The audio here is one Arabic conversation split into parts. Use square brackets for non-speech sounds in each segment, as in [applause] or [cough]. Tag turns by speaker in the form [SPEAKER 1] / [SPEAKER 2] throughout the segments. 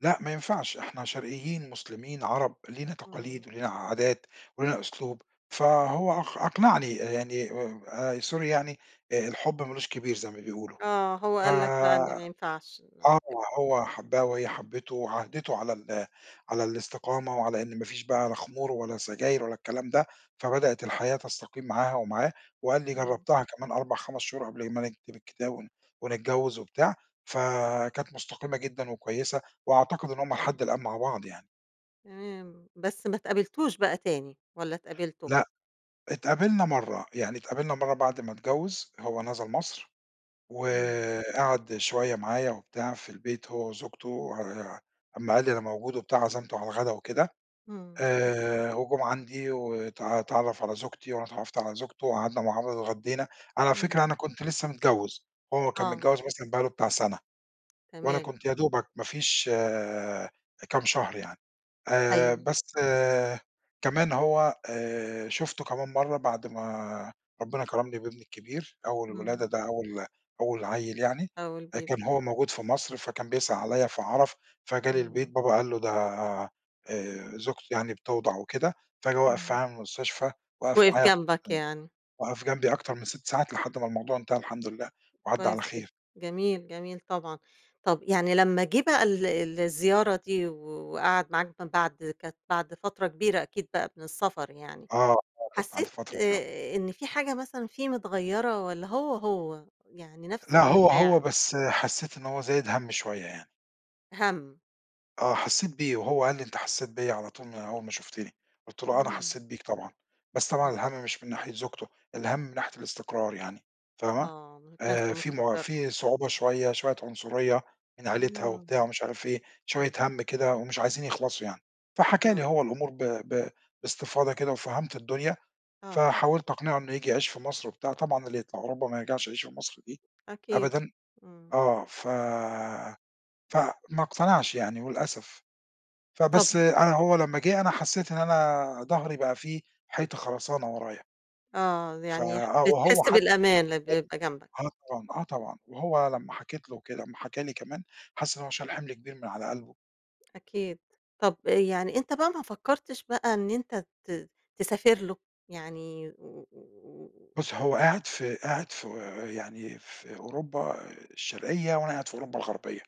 [SPEAKER 1] لأ ما ينفعش، إحنا شرقيين، مسلِمين، عرب، لينا تقاليد
[SPEAKER 2] امم.
[SPEAKER 1] ولينا عادات ولينا أسلوب، فهو أق أقنعني يعني آآ sorry يعني آآ الحُب ما لوش كبير زي ما بيقولوا،
[SPEAKER 2] آه، هو
[SPEAKER 1] ف
[SPEAKER 2] قال لك بقى إن ما ينفعش إن أنا
[SPEAKER 1] آه،
[SPEAKER 2] أسيبه
[SPEAKER 1] هو حَبّها وهي حبِّته وعاهدِته على ال على الإستقامة وعلى إن ما فيش بقى لا خمور ولا سجاير ولا الكلام ده، فبدأت الحياة تستقيم معاها ومعاه وقال لي
[SPEAKER 2] اهم.
[SPEAKER 1] جرّبتها كمان 4، 5 شهور قبل ما نكتِب الكِتاب ون ونتجوّز وبتاع، فكانت مستقيمة جدًا وكويسة، وأعتقد إن هُم لحد الآن مع بعض يعني.
[SPEAKER 2] تمام، بس ما اتقابلتوش بقى تاني، والّا اتقابلتم؟
[SPEAKER 1] لأ، اتقابلنا مرَّة، يعني اتقابلنا مرَّة بَعد ما اتجوّز، هو نزَل مصر
[SPEAKER 2] امم.
[SPEAKER 1] وقعَد شوية معايا وبتاع في البيت هو وزوجته آآ، أمّا قال لي أنا موجود وبتاع عزَمته على الغدا وكده
[SPEAKER 2] امم.
[SPEAKER 1] آآ، وجُم عَندي وت اتعرّف على زوجتي وأنا اتعرّفت على زوجته وقعَدنا مع بعض اتغدّينا. على فكرة
[SPEAKER 2] [unintelligible]
[SPEAKER 1] أنا كنت لسه متجوّز، هو كان
[SPEAKER 2] آه.
[SPEAKER 1] متجوز مثلًا بقى له بتاع سَنَة. وأنا
[SPEAKER 2] تمام.
[SPEAKER 1] كنت يا دوبك ما فيش كام شهر يعني، آآ
[SPEAKER 2] أيوه.
[SPEAKER 1] بس كمان هو آآ شُفته كمان مرَّة بَعد ما ربنا كرَمني بابني الكبير، أول الولادة،
[SPEAKER 2] امم.
[SPEAKER 1] ده أول أول عيّل يعني،
[SPEAKER 2] أول
[SPEAKER 1] آآ
[SPEAKER 2] بيبي،
[SPEAKER 1] كان هو
[SPEAKER 2] آه.
[SPEAKER 1] موجود في مصر فكان بيسأل عليَّ، فعرِف فجالي البيت
[SPEAKER 2] امم.
[SPEAKER 1] بابا قال له، ده آآ زوجتي يعني بتوضَع وكده، فجه وقَف في
[SPEAKER 2] إمم.
[SPEAKER 1] المستشفى، وقَف
[SPEAKER 2] وِقِف
[SPEAKER 1] معايا [unintelligible]
[SPEAKER 2] جنبك يعني.
[SPEAKER 1] وقف جنبي أكتر من 6 ساعات لحد ما الموضوع انتهى الحمد لله وعدّى على
[SPEAKER 2] كويس جدًا،
[SPEAKER 1] خير.
[SPEAKER 2] جميل، جميل طبعًا. طَب يعني لما جِه بقى ال ال الزيارة دي و وقعَد معاك من بعد كانت بعد فترة كبيرة أكيد بقى من السفر يعني،
[SPEAKER 1] آه، آه، كانت بعد
[SPEAKER 2] حسّيت
[SPEAKER 1] فترة فعلًا.
[SPEAKER 2] آآ إن في حاجة مثلًا فيه متغَيّرة والّا هو، هو، يعني نفْس
[SPEAKER 1] لأ هو هو
[SPEAKER 2] المشاعر.
[SPEAKER 1] بس حسّيت إن هو زايد هَم شوية يعني.
[SPEAKER 2] هَم.
[SPEAKER 1] آه، حسّيت بيه وهو قال لي: "أنت حسّيت بيَّ على طول من أول ما شُفتِني." قُلت له: "أنا
[SPEAKER 2] امم.
[SPEAKER 1] حسّيت بيك طبعًا." بس طبعًا
[SPEAKER 2] امم.
[SPEAKER 1] الهَم مش من ناحية زوجته، الهَم من ناحية الإستقرار يعني، فاهمة،
[SPEAKER 2] آه، ما كانش
[SPEAKER 1] آآ في م
[SPEAKER 2] مستقِر.
[SPEAKER 1] في صعوبة شوية، شوية عنصرية من عيلتها وبتاع
[SPEAKER 2] اهم،
[SPEAKER 1] ومش عارف إيه، شوية
[SPEAKER 2] إمم.
[SPEAKER 1] هَم كده ومش عايزين يخلَصوا يعني، فحكى
[SPEAKER 2] آه.
[SPEAKER 1] لي هو الأمور ب ب باستفاضة كده وفهَمت الدنيا
[SPEAKER 2] آه.
[SPEAKER 1] فحاولت أقنِعه إنه ييجي يعيش في مصر وبتاع، طبعًا اللي يطلع أوروبا ما يرجَعش يعيش في مصر دي
[SPEAKER 2] أكيد،
[SPEAKER 1] أبدًا.
[SPEAKER 2] امم.
[SPEAKER 1] آه، ف فما اقتنعش يعني للأسف، فبس،
[SPEAKER 2] طبعًا،
[SPEAKER 1] أنا هو
[SPEAKER 2] امم.
[SPEAKER 1] لما جِه أنا حسّيت إن أنا ضهري بقى في حيطة خرسانة ورايا.
[SPEAKER 2] آه، ز
[SPEAKER 1] ف
[SPEAKER 2] يعني
[SPEAKER 1] آه وهو
[SPEAKER 2] بتحس
[SPEAKER 1] حتى
[SPEAKER 2] بالأمان لمّا
[SPEAKER 1] [unintelligible]
[SPEAKER 2] يبقى جنبك.
[SPEAKER 1] آه طبعًا، آه طبعًا، وهو لمّا
[SPEAKER 2] [unintelligible]
[SPEAKER 1] حكيت له وكده لمّا حكى لي كمان حس إن هو شال حِمل كبير من على قلْبه.
[SPEAKER 2] أكيد. طَب أ يعني أنت بقى ما فكّرتش بقى إن أنت ت تسافر له؟ يعني و و و
[SPEAKER 1] بُصّي هو قاعد في قاعد في، يعني في أوروبا الشرقية وأنا قاعد في أوروبا الغربية،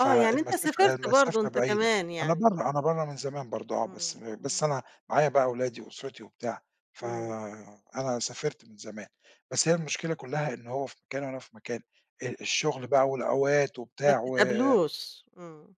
[SPEAKER 2] آه يعني أنت سافرت برضه
[SPEAKER 1] المسافة
[SPEAKER 2] أنت
[SPEAKER 1] بعيدة،
[SPEAKER 2] كمان
[SPEAKER 1] أنا
[SPEAKER 2] يعني؟
[SPEAKER 1] برَّه أنا برَّه من زمان برضه آه، بس
[SPEAKER 2] امم،
[SPEAKER 1] بس
[SPEAKER 2] اهم.
[SPEAKER 1] أنا معايا بقى ولادي وأُسرتي وبتاع،
[SPEAKER 2] امم.
[SPEAKER 1] فأنا سافرت من زمان بس هي
[SPEAKER 2] إمم.
[SPEAKER 1] المشكلة كلّها إن هو في مكان وأنا في مكان، أ الشغل بقى والأوقات
[SPEAKER 2] ما
[SPEAKER 1] وبتاع و
[SPEAKER 2] بتتقابلوش، امم.